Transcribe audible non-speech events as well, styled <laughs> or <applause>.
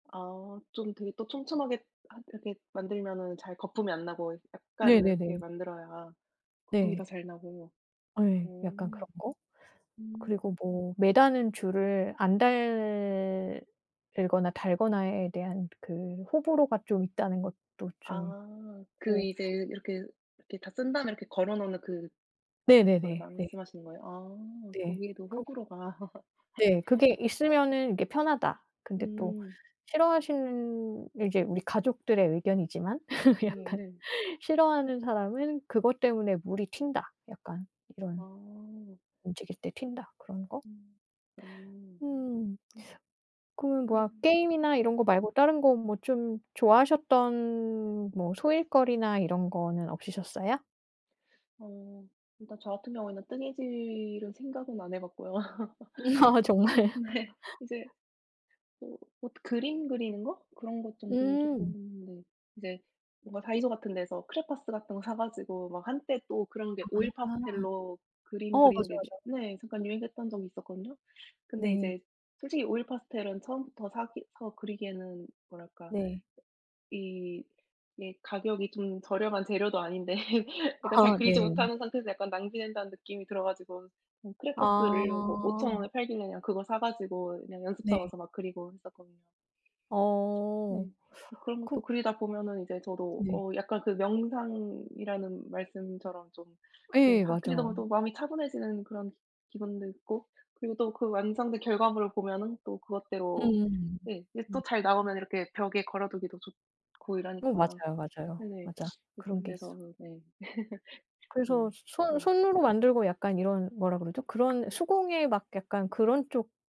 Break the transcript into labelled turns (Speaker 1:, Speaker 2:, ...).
Speaker 1: 아. 좀 되게 또 촘촘하게 하 이렇게 만들면은 잘 거품이 안 나고 약간 이렇게
Speaker 2: 네네네.
Speaker 1: 만들어야 거품이 더
Speaker 2: 네.
Speaker 1: 잘 나고.
Speaker 2: 예.
Speaker 1: 오.
Speaker 2: 약간 그런 거?
Speaker 1: 음.
Speaker 2: 그리고 뭐 매다는 줄을 안 달거나 달거나에 대한 그 호불호가 좀 있다는 것도 좀
Speaker 1: 아. 그
Speaker 2: 있고.
Speaker 1: 이제 이렇게 이렇게 다 쓴 다음에 이렇게 걸어 놓는 그 그걸
Speaker 2: 네네네. 네.
Speaker 1: 말씀하시는 거예요? 아.
Speaker 2: 네.
Speaker 1: 거기에도
Speaker 2: 그리고
Speaker 1: 호불호가. <laughs>
Speaker 2: 네. 그게 있으면은 이게 편하다. 근데 또
Speaker 1: 음.
Speaker 2: 싫어하시는 이제 우리 가족들의 의견이지만 <laughs>
Speaker 1: 음.
Speaker 2: 약간
Speaker 1: 네.
Speaker 2: 싫어하는 사람은 그것 때문에 물이 튄다. 약간 이런
Speaker 1: 아.
Speaker 2: 움직일 때 튄다 그런 거?
Speaker 1: 음. 어.
Speaker 2: 음.
Speaker 1: 음.
Speaker 2: 그러면
Speaker 1: 그럼.
Speaker 2: 뭐야 게임이나 이런
Speaker 1: 음.
Speaker 2: 거 말고 다른 거 뭐 좀 좋아하셨던 뭐 소일거리나 이런 거는 없으셨어요?
Speaker 1: 어. 일단 저 같은 경우에는 뜨개질은 생각은 안 해 봤고요.
Speaker 2: <laughs> 아
Speaker 1: <laughs>
Speaker 2: 정말.
Speaker 1: 네.
Speaker 2: <laughs>
Speaker 1: 이제 뭐 뭐 그림 그리는 거? 그런 것 정도는 쪼끔
Speaker 2: 음.
Speaker 1: 네. 이제 뭔가 다이소 같은 데서 크레파스 같은 거 사 가지고 막 한때 또 그런 게
Speaker 2: 아.
Speaker 1: 오일 파스텔로 그림
Speaker 2: 어.
Speaker 1: 그리는
Speaker 2: 맞아,
Speaker 1: 게 이제
Speaker 2: 맞아.
Speaker 1: 네. 잠깐 유행했던 적이 있었거든요. 근데
Speaker 2: 네.
Speaker 1: 이제 솔직히 오일 파스텔은 처음부터 사기 서 그리기에는 뭐랄까
Speaker 2: 네.
Speaker 1: 이게 가격이 좀 저렴한 재료도 아닌데 제가 잘
Speaker 2: 아. 네.
Speaker 1: 그리지 못하는 상태에서 약간 낭비된다는 느낌이 들어 가지고 음 크레파스를 뭐
Speaker 2: 아.
Speaker 1: 5,000 원에 팔길래 그냥 그거 사 가지고 그냥 연습
Speaker 2: 네.
Speaker 1: 삼아서 막 그리고 했었거든요.
Speaker 2: 어.
Speaker 1: 네. 그런 것도
Speaker 2: 그
Speaker 1: 그리다 보면은 이제 저도
Speaker 2: 네.
Speaker 1: 어 약간 그 명상이라는 말씀처럼 좀 네.
Speaker 2: 예.
Speaker 1: 하 그리다 보면
Speaker 2: 맞아요.
Speaker 1: 또 마음이 차분해지는 그런 기 기분도 있고 그리고 또 그 완성된 결과물을 보면은 또 그것대로
Speaker 2: 음음음.
Speaker 1: 네 이게 또
Speaker 2: 음.
Speaker 1: 잘 나오면 이렇게 벽에 걸어두기도 좋고
Speaker 2: 어.
Speaker 1: 이러니까.
Speaker 2: 맞아요, 맞아요.
Speaker 1: 네네.
Speaker 2: 맞아.
Speaker 1: 뭐
Speaker 2: 그런
Speaker 1: 그런
Speaker 2: 게
Speaker 1: 데서
Speaker 2: 있어.
Speaker 1: 으. 네. <laughs>
Speaker 2: 그래서
Speaker 1: 좀.
Speaker 2: 손
Speaker 1: 네.
Speaker 2: 손으로 만들고 약간 이런 뭐라 그러죠? 그런 수공예 막 약간 그런 쪽